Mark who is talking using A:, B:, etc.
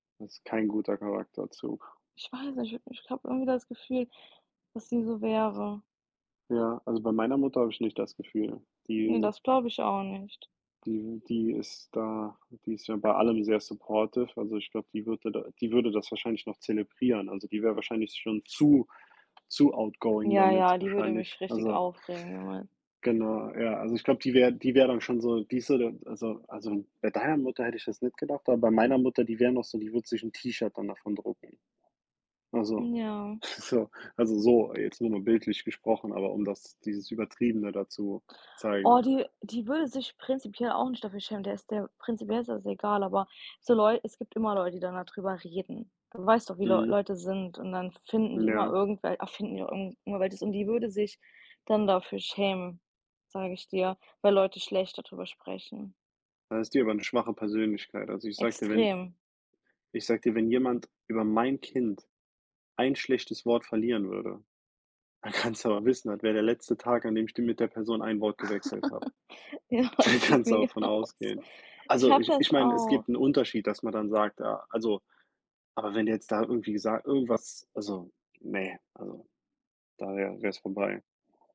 A: Das ist kein guter Charakterzug.
B: Ich weiß nicht, ich habe irgendwie das Gefühl, dass sie so wäre.
A: Ja, also, bei meiner Mutter habe ich nicht das Gefühl.
B: Ne,
A: Die
B: das glaube ich auch nicht.
A: die die ist da die ist ja bei allem sehr supportive. Also, ich glaube, die würde da die würde das wahrscheinlich noch zelebrieren. Also, die wäre wahrscheinlich schon zu zu outgoing
B: Ja,
A: damit,
B: ja, die würde
A: wahrscheinlich.
B: mich richtig
A: Also
B: aufregen, ja, Mann.
A: genau, ja. Also, ich glaube, die wäre die wäre dann schon so die ist so der also also, bei deiner Mutter hätte ich das nicht gedacht, aber bei meiner Mutter, die wäre noch so die würde sich 'n T-Shirt dann davon drucken. Also,
B: Ja.
A: so also, so, jetzt nur mal bildlich gesprochen, aber um das dieses Übertriebene da zu zeigen.
B: Oh, die die würde sich prinzipiell auch nicht dafür schämen. Der ist der prinzipiell ist das egal, aber so Leu es gibt immer Leute, die dann da drüber reden. Du weißt doch, wie Leu
A: Mhm.
B: Leute sind und dann finden die immer
A: Ja.
B: irgendwel erfinden die auch irgend immer welches und die würde sich dann dafür schämen, sage ich dir, weil Leute schlecht da drüber sprechen.
A: Dann ist die aber 'ne schwache Persönlichkeit. Also, ich sage dir, wenn
B: Extrem.
A: Iich sage dir, wenn jemand über mein Kind ein schlechtes Wort verlieren würde, dann kannst du aber wissen, das wäre der letzte Tag, an dem ich d mit der Person ein Wort gewechselt habe.
B: Ja,
A: Da
B: es geht
A: kannst du aber
B: mir
A: von
B: genauso.
A: ausgehen.
B: Ich
A: Also,
B: habe
A: ich ich
B: das
A: meine, es
B: auch.
A: gibt 'n Unterschied, dass man dann sagt, ja, also aber wenn du jetzt da irgendwie sag irgendwas, also, ne also, da wäre wäre's vorbei.